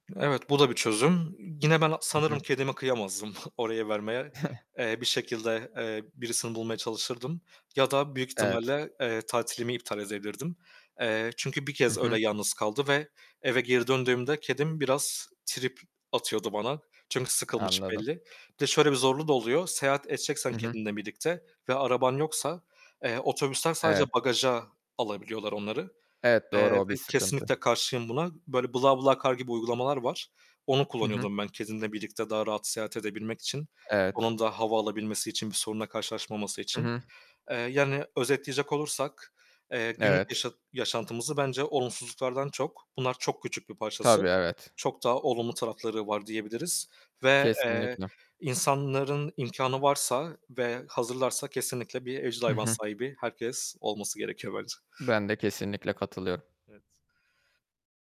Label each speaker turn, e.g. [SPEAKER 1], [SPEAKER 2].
[SPEAKER 1] Evet, bu da bir çözüm. Gine ben
[SPEAKER 2] Hı
[SPEAKER 1] sanırım
[SPEAKER 2] hı.
[SPEAKER 1] kedime kıyamazdım oraya vermeye. Eee, bir şekilde, eee, birisini bulmaya çalışırdım ya da büyük
[SPEAKER 2] Evet.
[SPEAKER 1] ihtimalle, eee, tatilimi iptal edebilirdim. Eee, çünkü bir
[SPEAKER 2] Hı
[SPEAKER 1] kez öyle
[SPEAKER 2] hı.
[SPEAKER 1] yalnız kaldı ve eve geri döndüğümde kedim biraz trip atıyordu bana. Çünkü sıkılmış
[SPEAKER 2] Anladım.
[SPEAKER 1] belli. Bir de şöyle bir zorluğu da oluyor. Seyahat edeceksen
[SPEAKER 2] Hı hı.
[SPEAKER 1] kendinle birlikte ve araban yoksa, eee, otobüsten sadece
[SPEAKER 2] Evet.
[SPEAKER 1] bagaja alabiliyorlar onları,
[SPEAKER 2] Evet,
[SPEAKER 1] eee,
[SPEAKER 2] doğru,
[SPEAKER 1] ve
[SPEAKER 2] o bir
[SPEAKER 1] kesinlikle
[SPEAKER 2] sıkıntı.
[SPEAKER 1] karşıyım buna. Böyle, "Bla Bla Car" gibi uygulamalar var. Onu
[SPEAKER 2] Hı hı.
[SPEAKER 1] kullanıyordum ben kedimle birlikte daha rahat seyahat edebilmek için
[SPEAKER 2] Evet.
[SPEAKER 1] onun da hava alabilmesi için bir sorunla karşılaşmaması
[SPEAKER 2] Hı
[SPEAKER 1] için.
[SPEAKER 2] hı.
[SPEAKER 1] Eee, yani özetleyecek olursak, eee, günlük
[SPEAKER 2] Evet.
[SPEAKER 1] yaşa yaşantımızı bence olumsuzluklardan çok, bunlar çok küçük bir parçası,
[SPEAKER 2] Tabii, evet.
[SPEAKER 1] çok daha olumlu tarafları var diyebiliriz ve, eee,
[SPEAKER 2] Kesinlikle.
[SPEAKER 1] insanların imkânı varsa ve hazırlarsa, kesinlikle bir evcil
[SPEAKER 2] Hı
[SPEAKER 1] hayvan
[SPEAKER 2] hı.
[SPEAKER 1] sahibi herkes olması gerekiyor bence.
[SPEAKER 2] Ben de kesinlikle katılıyorum.
[SPEAKER 1] Evet.